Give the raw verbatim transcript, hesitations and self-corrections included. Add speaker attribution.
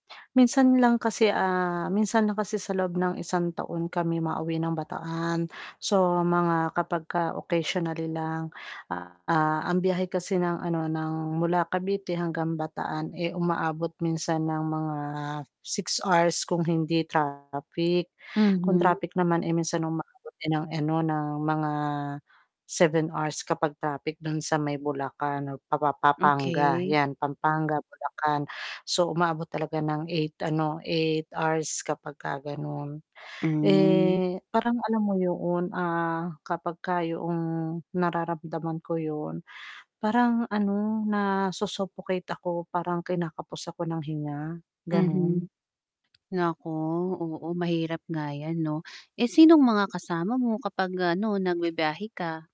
Speaker 1: Minsan lang kasi, ah, minsan lang kasi sa loob ng isang taon kami mauwi ng Bataan. So, mga kapag ka occasionally lang. Ah, ang biyahe kasi ng, ano, ng mula Cavite hanggang Bataan, eh, umaabot minsan ng mga six hours kung hindi traffic. Kung
Speaker 2: Mhm.
Speaker 1: traffic naman, eh, minsan umaabot din ng, ano, ng mga seven hours kapag traffic don sa may Bulacan, o pa-pa-pa-panga
Speaker 2: Okey.
Speaker 1: yan, Pampanga, Bulacan. So, umaabot talaga ng eight, ano, eight hours kapag ka ganon.
Speaker 2: Hmm.
Speaker 1: Eh, parang alam mo yoon, ah, kapag ka yoong nararamdaman ko yun, parang ano na su-suffocate ako, parang kinakapos ako ng hinga.
Speaker 2: Mhm.
Speaker 1: Ganun.
Speaker 2: Nako, oo, mahirap nga yan, 'no, eh, sinong mga kasama mo kapag, ano, nagbibiyahe ka?